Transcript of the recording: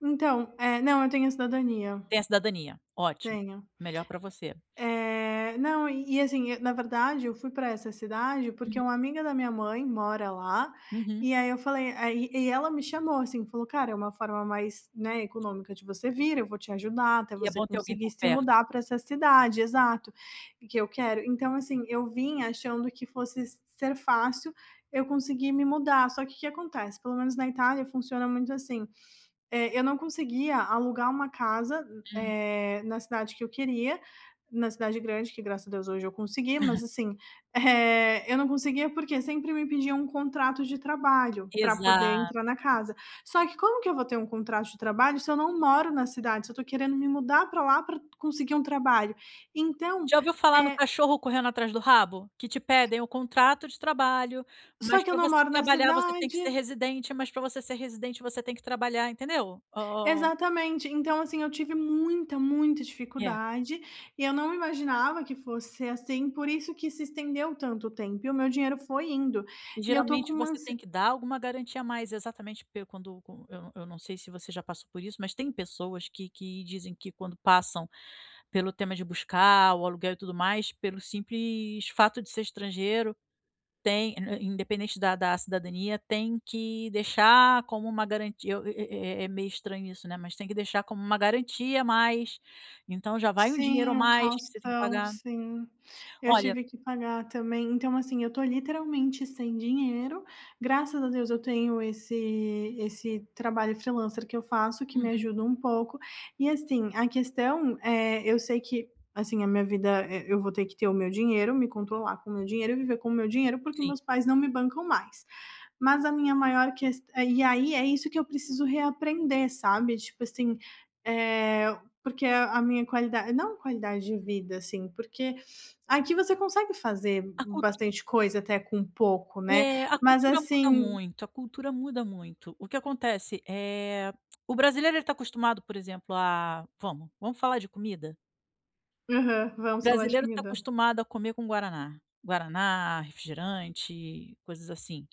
Então, eh, não eu tenho a cidadania. Tem a cidadania, ótimo, Tenho. melhor pra você. Eh, não e e, assim, e, na verdade, eu fui pra essa cidade, porque Uhum. uma amiga da minha mãe mora lá, Uhum. e aí eu falei aí e e ela me chamou, assim, falou: "Cara, é uma forma mais, né, econômica de você vir, eu vou te ajudar até E é você bom ter alguém conseguir por se perto. mudar pra essa cidade" exato, e que eu quero. Então, assim, eu vinha achando que fosse s ser fácil eu conseguir me mudar, só que, que que acontece, pelo menos na Itália funciona muito assim, eh, eu não conseguia alugar uma casa m Hum. eh, na cidade que eu queria, na cidade grande que, graças a Deus, hoje eu consegui, mas, assim, eh, eu não conseguia, porque sempre me pediam um contrato de trabalho pra poder entrar Exatamente. na casa, só que como que eu vou ter um contrato de trabalho se eu não moro na cidade, se eu tô querendo me mudar pra lá pra conseguir um trabalho? Então, Já ouviu falar no é cachorro correndo atrás do rabo? Que te pedem o contrato de trabalho, Só mas que eu pra não você moro na trabalhar você tem que ser cidade. residente, mas pra você ser residente você tem que trabalhar, entendeu? O Exatamente. Então, assim, eu tive muita, muita É. dificuldade, e eu não imaginava que fosse ser assim, por isso que se estendeu tanto tempo e o meu dinheiro foi indo, E e eu tô com geralmente uma você ansie tem que dar alguma garantia a mais, exatamente, porque quando quan eu eu não sei se você já passou por isso, mas tem pessoas que que dizem que quando passam pelo tema de buscar o aluguel e tudo mais, pelo simples fato de ser estrangeiro, tem ind independente da da cidadania, tem que deixar como uma garantia o e é é é é meio estranho isso, né, mas tem que deixar como uma garantia a mais, então, já vai um dinheiro a Sim, o mais que você tem que caução, pagar. sim, eu Olha tive que pagar também. Então, assim, eu tô literalmente sem dinheiro, graças a Deus, eu tenho esse esse trabalho freelancer que eu faço que me Uhum. ajuda um pouco e, assim, a questão é eu sei que, assim, a minha vida, eh, eu vou ter que ter o meu dinheiro, me controlar com o meu dinheiro e viver com o meu dinheiro, porque Sim. meus pais não me bancam mais. Mas a minha maior ques eh, e aí é isso que eu preciso reaprender, sabe, tipo assim, eh, porque a a minha qualida não qualidade de vida, assim, porque, aqui você consegue fazer b A cultu bastante coisa até com pouco, né, É, a mas, cultura muda assim muito, a cultura muda muito. O que acontece, eh, o brasileiro ele tá acostumado, por exemplo, a vamos, vamos falar de comida? Aham, O vamos falar de brasileiro tá comida. acostumado a comer com guaraná. Guaraná, refrigerante, coisas assim.